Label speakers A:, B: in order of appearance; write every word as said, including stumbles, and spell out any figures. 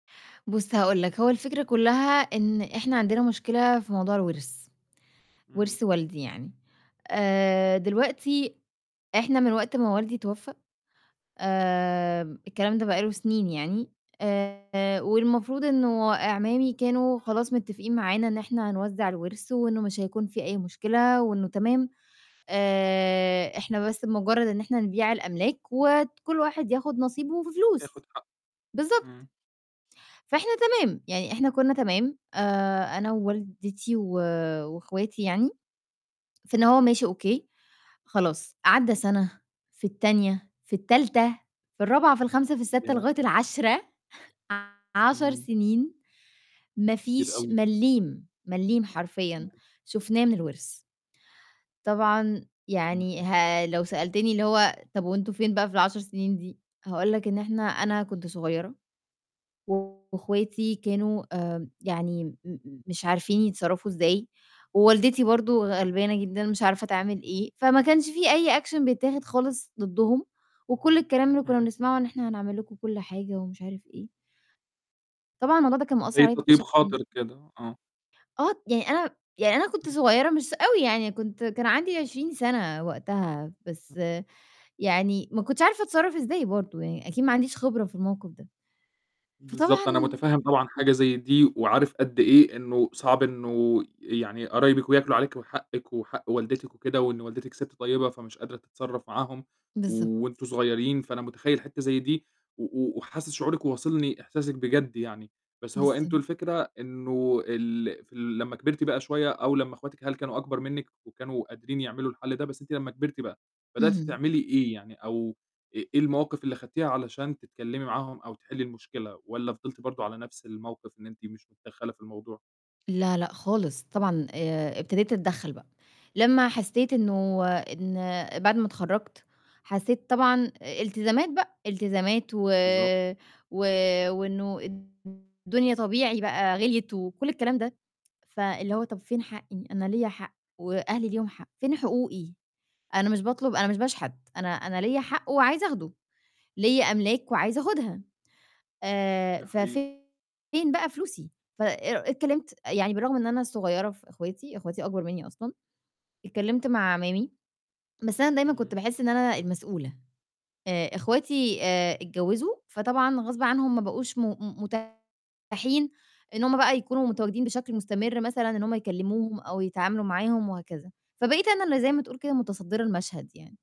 A: بُصّ هاقول لك، هو الفكرة كلّها إن إحنا عندنا مشكلة في موضوع الورث،
B: امم.
A: ورث والدي يعني، آآ دلوقتي إحنا من وقت ما والدي توفى، آمم الكلام ده بقى له سنين يعني، آآ والمفروض إنه أعمامي كانوا خلاص متفقين معانا إن إحنا هنوزع الورث وإنه مش هيكون فيه أي مشكلة، وإنه تمام، آآ إحنا بس بمجرّد إن إحنا نبيع الأملاك، وكلّ واحد ياخد نصيبه في فلوس،
B: ياخد حق.
A: بالضبط.
B: امم.
A: فإحنا تمام، يعني إحنا كنا تمام، آآ أنا ووالدتي و واخواتي يعني، في إن هو ماشي أوكي، خلاص، عدَّى سنة، في التانية، في التالتة، في الرابعة، في الخامسة، في الساتة،
B: ياه!
A: لغاية العاشرة. ع عَشَر
B: امم.
A: سنين ما
B: كتير
A: فيش
B: أوي.
A: ملِّيم، ملِّيم
B: امم.
A: حرفيًا، شُفناه من الورث. طبعًا يعني
B: اهم.
A: ها لو سألتني اللي هو طب وأنتم فين بقى في العشر سنين دي؟ هاقول لك إن إحنا أنا كنت صغيّرة، و واخواتي كانوا آآ يعني م م مش عارفين يتصرّفوا إزاي، ووالدتي برضو غلبانة جدًا مش عارفة تعمل إيه، فما كانش في أي action بيتاخد خالص ضدهم، وكلّ الكلام اللي كنا
B: امم.
A: بنسمعه إن إحنا هنعمل لكم كلّ حاجة ومش عارف إيه طبعًا الموضوع ده كان مأثّر
B: زي
A: عليَّ
B: تطييب
A: بشكل ن
B: خاطر كده، آه.
A: آه، يعني أنا يعني أنا كنت صغيّرة مش أوي يعني، كنت كان عندي عشرين سنة وقتها،
B: [unintelligible]
A: بس يعني ما كنتش عارفة أتصرّف إزاي برضو يعني، أكيد ما عنديش خبرة في الموقف ده.
B: بالضبط،
A: فطبعًا
B: أنا متفهّم طبعًا حاجة زي دي، وعارف قد إيه إنه صعب إنه، يعني قرايبِك وياكلوا عليكِ، وحقِك وحق والدتِك وكده، وإن والدتِك ست طيبة فمش قادرة تتصرّف معاهم،
A: بالضبط.
B: وأنتم صغيّرين، فأنا متخيّل حتّة زي دي، و و وحاسس شعورِك وواصلني إحساسِك بجد يعني، بس هو أنتم
A: بالضبط.
B: الفكرة إنه ال في ال لمّا كبرتِ بقى شوية، أو لمّا اخواتِك هل كانوا أكبر منِّك وكانوا قادرين يعملوا الحل ده، بس أنتِ لمّا كبرتِ بقى، بدأتِ
A: اهم.
B: تعملي إيه يعني؟ أو إ إيه المواقف اللي خدتيها علشان تتكلّمي معاهم أو تحِلّي المشكلة؟ والّا فضلتِ برضو على نفْس الموقف إن أنتِ مش متدخلة في الموضوع؟
A: لا، لأ خالص، طبعًا آآ ابتديت أتدخّل بقى، لمّا حسّيت إنه إن بعد ما اتخرّجت، حسّيت طبعًا أ التزامات بقى، التزامات و
B: بالضبط.
A: و وإنه الد الدنيا طبيعي بقى غِليِت وكلّ الكلام ده، فاللي هو طب فين حقي؟ أنا ليّا حق، وأهلي ليهم حق، فين حقوقي؟ أنا مش باطلب أنا مش باشحت، أنا أنا ليّا حق وعايزة أخده، ليّا أملاك وعايزة آخدها. آآ،
B: ده
A: ف
B: حقيقي.
A: فين بقى فلوسي؟ فأ اتكلّمت، يعني بالرغم إن أنا الصغيّرة في اخواتي، اخواتي اكبر مني أصلًا، اتكلّمت مع اعمامي، بس أنا دايمًا كنت
B: امم.
A: باحس إن أنا المسؤولة، آآ اخواتي آآ اتجوّزوا، فطبعًا غصب عنهم ما بقوش م م متاحين إن هُم بقى يكونوا متواجدين بشكل مستمر مثلًا إن هُم يكلّموهم أو يتعاملوا معاهم وهكذا، فبقيت أنا اللي زي ما تقول كده متصدرة المشهد يعني.